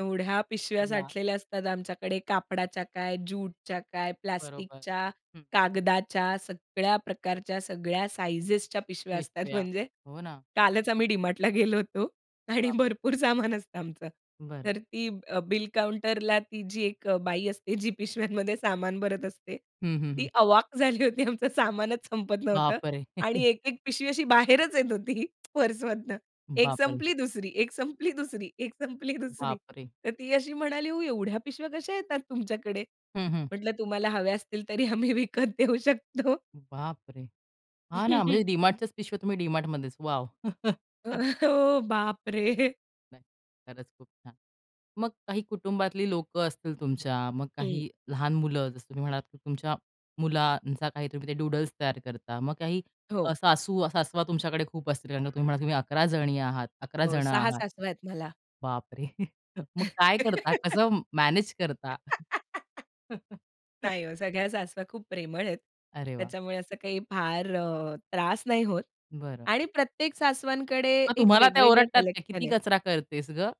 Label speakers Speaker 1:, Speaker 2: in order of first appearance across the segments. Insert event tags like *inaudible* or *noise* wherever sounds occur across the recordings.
Speaker 1: एवढ्या पिशव्या
Speaker 2: *unintelligible*
Speaker 1: साठलेल्या असतात आमच्याकडे, कापडाच्या काय, ज्यूटच्या काय,
Speaker 2: बरोबर,
Speaker 1: प्लास्टिकच्या,
Speaker 2: हं.
Speaker 1: कागदाच्या. सगळ्या प्रकारच्या, सगळ्या साइझेच्या पिशव्या असतात.
Speaker 2: पिशव्या,
Speaker 1: म्हणजे,
Speaker 2: हो ना.
Speaker 1: कालच आम्ही डी-मार्टला गेलो होतो. आणि
Speaker 2: बापरे!
Speaker 1: भरपूर सामान असतं आमचं,
Speaker 2: बरं.
Speaker 1: तर ती अ, बिल काउंटरला ती जी एक अ, बाई असते, जी पिशव्यांमध्ये सामान भरत असते.
Speaker 2: हं, हं, हं.
Speaker 1: ती अवाक झाली होती. आमचं सामानच संपत नव्हतं.
Speaker 2: बाप रे!
Speaker 1: आणि
Speaker 2: *chuckles*
Speaker 1: एक-एक पिशवी अशी बाहेरच येत होती पर्समधनं. एक
Speaker 2: बाप रे!
Speaker 1: संपली, दुसरी. एक संपली, दुसरी. एक संपली, दुसरी.
Speaker 2: बाप रे!
Speaker 1: तर ती अशी म्हणाली, "हो, एवढ्या पिशव्या कशा येतात तुमच्याकडे?"
Speaker 2: हं, हं.
Speaker 1: म्हटलं, "तुम्हाला हव्या असतील, तरी आम्ही विकत देऊ शकतो."
Speaker 2: बाप रे! हां ना, म्हणजे
Speaker 1: *chuckles*
Speaker 2: डी-मार्टच्याच पिशव्या तुम्ही डी-मार्टमध्येच. वॉव.
Speaker 1: अ,
Speaker 2: *chuckles*
Speaker 1: हो बाप रे!
Speaker 2: नाही, खरंच खूप छान. मग काही कुटुंबातली लोकं असतील तुमच्या, मग
Speaker 1: हं.
Speaker 2: काही लहान मुलं, जसं तुम्ही म्हणालात की तुमच्या मुलांचा काही तुम्ही ते डूडल्स तयार करता. मग काही
Speaker 1: हो.
Speaker 2: अ, सासू-सासवा तुमच्याकडे खूप असतील, कारण का तुम्ही म्हणालात तुम्ही 11 जणी आहात, 11
Speaker 1: हो,
Speaker 2: जण
Speaker 1: 6
Speaker 2: आहात.
Speaker 1: सासूवा आहेत मला.
Speaker 2: बाप रे! *chuckles* मग काय करता?
Speaker 1: *laughs*
Speaker 2: कसं मॅनेज करता?
Speaker 1: *laughs*
Speaker 2: *chuckles*
Speaker 1: नाही ओ, सगळ्या सासवा खूप प्रेमळ आहेत.
Speaker 2: अरे वाह!
Speaker 1: त्याच्यामुळे असं काही फार अ, त्रास नाही होत.
Speaker 2: बरं.
Speaker 1: आणि प्रत्येक सासवांकडे
Speaker 2: मग
Speaker 1: एक
Speaker 2: तुम्हाला त्या
Speaker 1: वेगवेगळं
Speaker 2: ओरडतात का?
Speaker 1: कलेक्शन
Speaker 2: किती
Speaker 1: आहे.
Speaker 2: कचरा करतेस गं?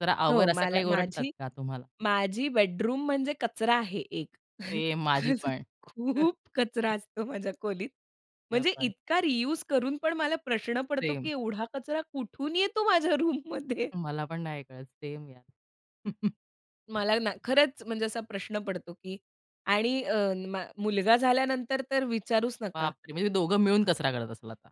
Speaker 2: जरा
Speaker 1: हो,
Speaker 2: आवर असं
Speaker 1: मला
Speaker 2: काही ओरडतात
Speaker 1: माझी
Speaker 2: का तुम्हाला?
Speaker 1: माझी बेडरूम म्हणजे कचरा आहे, एक
Speaker 2: सेम माझी
Speaker 1: *chuckles*
Speaker 2: पण.
Speaker 1: खूप कचरा
Speaker 2: *chuckles*
Speaker 1: असतो माझ्या खोलीत.
Speaker 2: *unintelligible*
Speaker 1: म्हणजे
Speaker 2: पण.
Speaker 1: इतका रियुज करून पण मला प्रश्न पडतो,
Speaker 2: सेम.
Speaker 1: की एवढा कचरा कुठून येतो माझ्या रूममध्ये.
Speaker 2: मला पण नाही कळत, सेम यार. *chuckles*
Speaker 1: मला ना खरंच म्हणजे असा प्रश्न पडतो, की आणि अ, न मा मुलगा झाल्यानंतर तर विचारूच नका.
Speaker 2: बाप रे! म्हणजे दोघं मिळून कचरा करत असेल आता.